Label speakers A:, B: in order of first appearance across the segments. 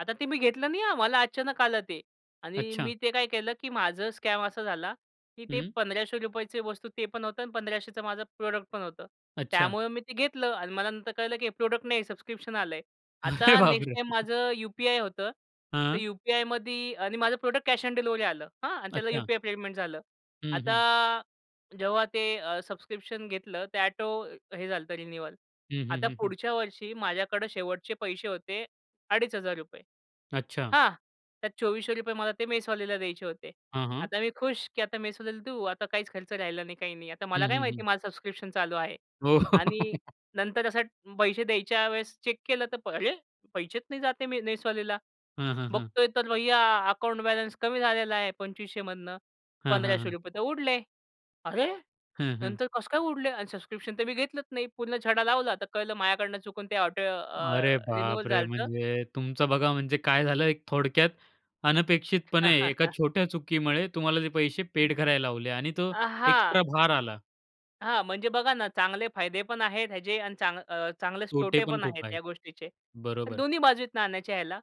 A: आता ते मी घेतलं नाही हा मला अचानक आलं ते. आणि
B: अच्छा.
A: मी ते काय केलं, की माझं स्कॅम असा झाला, की ते
B: हं.
A: ₹1,500 वस्तू ते पण होतं आणि 1,500चं माझं प्रॉडक्ट पण होतं
B: अच्छा.
A: त्यामुळं मी ते घेतलं आणि मला नंतर कळलं, की हे प्रॉडक्ट नाही सबस्क्रिप्शन आलंय.
B: अरे
A: आता नेक्स्ट
B: बापरे!
A: टाईम माझं यू-पी-आय होतं तर
B: हां.
A: यू-पी-आयमध्ये आणि माझं प्रॉडक्ट कॅश ऑन डिलिव्हरी आलं हां. आणि त्याला
B: अच्छा.
A: यू-पी-आय पेमेंट झालं.
B: हं, हं.
A: आता जेव्हा ते अ, सबस्क्रिप्शन घेतलं ते ऑटो हे झालं तर रिन्यूवल.
B: हं, हं,
A: आता
B: हं, हं.
A: पुढच्या वर्षी माझ्याकडं शेवटचे पैसे होते अडीच हजार रुपये.
B: अच्छा.
A: हां. त्यात ₹2,400 मला ते मेसवाल्याला द्यायचे होते.
B: हां, हां.
A: आता मी खुश, की आता मेसवाल्याला देऊ आता काहीच खर्च राहिला नाही काही नाही. आता
B: हं,
A: मला काय
B: हं,
A: माहिती
B: हं.
A: आहे माझं सबस्क्रिप्शन चालू आहे.
B: हो.
A: आणि नंतर असं पैसे द्यायच्या वेळेस चेक केलं तर अरे पैसेच नाही जात आहे मी मेसवाल्याला.
B: हं, हं, हं.
A: बघतोय तर भय्या अकाउंट बॅलन्स कमी झालेला आहे. 2,500मधनं
B: हां, हां,
A: पंधराशे
B: हां.
A: रुपये तर उडले. "अरे!
B: हं, हं.
A: नंतर कसं काय उडले? आणि सबस्क्रिप्शन तर मी घेतलंच नाही." पूर्ण छडा लावला तर कळलं माझ्याकडून चुकून ते ऑटो
B: अरे
A: अ, रिन्युवल
B: बापरे!
A: झालंत.
B: म्हणजे तुमचं बघा म्हणजे काय झालं एक थोडक्यात अनपेक्षितपणे एका छोट्या चुकीमुळे तुम्हाला जे पैसे पेड करायला लावले. आणि तो
A: अ, हां.
B: एक्स्ट्रा भार आला.
A: हां म्हणजे बघा ना चांगले फायदे पण आहेत ह्याचे आणि चांग अ, चांगलेच
B: तोटे
A: तोटे
B: पण
A: पण आहेत
B: खूप आहेत.
A: ह्या गोष्टीचे. तर
B: बरोबर.
A: दोन्ही बाजू आहेत नाण्याच्या ह्याला.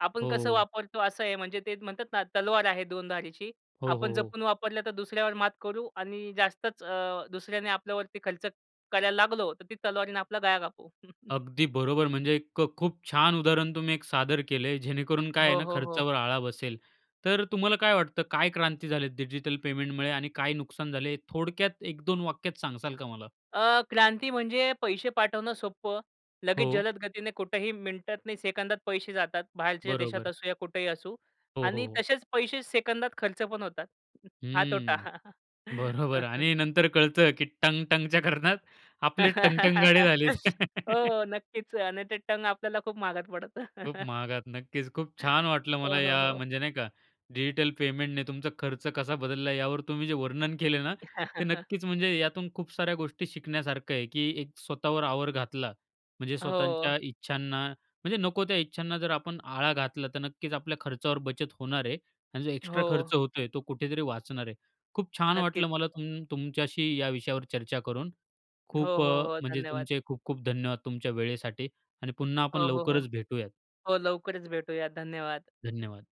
A: आपण कसं
B: हो.
A: वापरतो असं आहे म्हणजे ते म्हणतात ना "तलवार आहे दोन धारीची.
B: हो,
A: आपण
B: हो, हो.
A: जपून वापरलं तर दुसऱ्यावर मात करू आणि जास्तच अ, दुसऱ्याने आपल्यावरती खर्च करायला लागलो तर ती तलवारीने आपला गळा कापू."
B: अगदी बरोबर म्हणजे एक क खूप छान उदाहरण तुम्ही एक सादर केलंय जेणेकरून काय आहे
A: हो,
B: ना
A: हो, हो.
B: खर्चावर आळा बसेल. तर तुम्हाला काय वाटतं काय क्रांती झाले डिजिटल पेमेंटमुळे आणि काय नुकसान झाले थोडक्यात एक दोन वाक्यात सांगासाल का मला?
A: अ, क्रांती म्हणजे पैसे पाठवणं सोपं. लगेच
B: हो.
A: जलद गतीने कुठेही मिनिटात सेकंदात पैसे जातात. बाहेरच्या देशात
B: बरोबर.
A: असू या कुठेही असू
B: हो, हो,
A: आणि
B: हो.
A: तसेच पैसे सेकंदात खर्च पण होतात. हा तोटा.
B: हं. बरोबर आणि नंतर कळतं की टंग-टंगच्या करण्यात आपले टंग-टंग गाडे झालेत.
A: हो नक्कीच. आणि ते टंग आपल्याला खूप महागात पडतं.
B: खूप महागात. नक्कीच खूप छान वाटलं
A: हो,
B: मला
A: हो,
B: या
A: हो.
B: म्हणजे नाही का डिजिटल पेमेंटने तुमचा खर्च कसा बदलला यावर तुम्ही जे वर्णन केले ना ते नक्कीच म्हणजे यातून खूप साऱ्या गोष्टी शिकण्यासारखं आहे, की एक स्वतःवर आवर घातला म्हणजे
A: हो.
B: स्वतःच्या इच्छांना म्हणजे नको त्या इच्छांना जर आपण आळा घातला तर नक्कीच आपल्या खर्चावर बचत होणार आहे आणि जो एक्स्ट्रा
A: हो.
B: खर्च होतोय तो कुठेतरी वाचणार आहे. खूप छान
A: नक्कीच.
B: वाटलं मला तुम तुमच्याशी या विषयावर चर्चा करून
A: हो,
B: खूप
A: हो,
B: अ,
A: हो.
B: म्हणजे
A: धन्यवाद.
B: तुमचे खूप-खूप धन्यवाद तुमच्या वेळेसाठी आणि पुन्हा आपण
A: हो, हो, हो.
B: लवकरच भेटूयात.
A: हो, लवकरच भेटूया धन्यवाद.
B: धन्यवाद.